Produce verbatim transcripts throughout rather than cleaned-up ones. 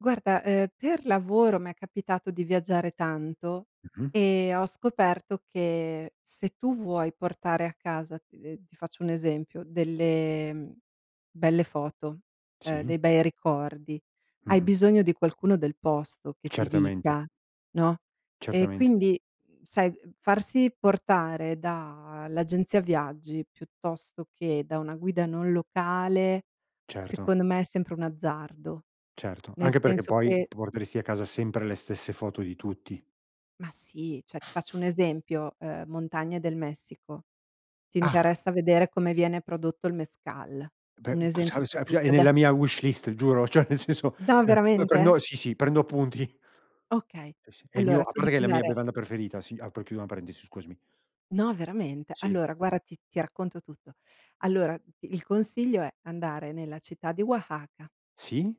Guarda, ehm, per lavoro m'è capitato di viaggiare tanto Mh-mh. e ho scoperto che se tu vuoi portare a casa, ehm, ti faccio un esempio, delle, mhmm, belle foto, ehm, Sì. dei bei ricordi, hai Mh-mh. bisogno di qualcuno del posto che ti Certamente. dica, no, ehm, Certament quindi sai, farsi portare da l'agenzia viaggi piuttosto che da una guida non locale, Certo. secondo me è sempre un azzardo. Certo, Nel anche perché senso poi che porteresti a casa sempre le stesse foto di tutti. Ma sì, cioè ti faccio un esempio, uhm, montagne del Messico. Ti Ah. interessa vedere come viene prodotto il Mezcal? Beh, Un esempio su [unintelligible] è tutte, ade nella mia wishlist giuro, cioè nel senso, No, uh, uh, veramente? prendo sì, sì prendo appunti. Okay. Sì, sì, è il mio Allora a tu parte che devi è la mia andare bevanda preferita, sì, apro e chiudo una parentesi, scusami. No veramente? Sì. Allora guara ti ti racconto tutto. Allora, d il consiglio è: andare nella città di Oaxaca Sì.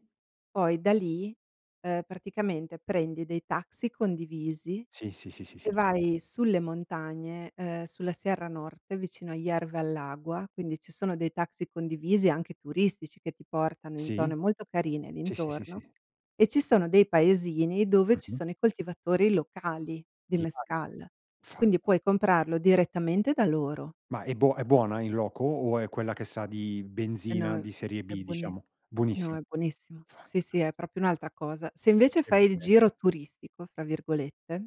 poi da lì, ehm, praticamente, prendi dei taxi condivisi Sì, sì, sì, sì, e sì. vai sulle montagne, ehm, sulla Sierra Nord, che è vicino a Hierve el Agua, quindi ci sono dei taxi condivisi anche turistici che ti portano in Sì. zone molto carine lì Sì, sì, sì, intorno; sì. e ci sono dei paesini dove ci Mh-mh. sono i coltivatori locali di [unintelligible] Mezcal. Quindi Fantas puoi comprarlo direttamente da loro Ma è buo è buona in loco? O è quella che sa di Eh no benzina è di serie è B buoni diciamo? no, Buonissimo. è buonissimo. Sì, sì, Fantastic è proprio un'altra cosa. Se invece Che fai il "giro bellezza. turistico" fra virgolette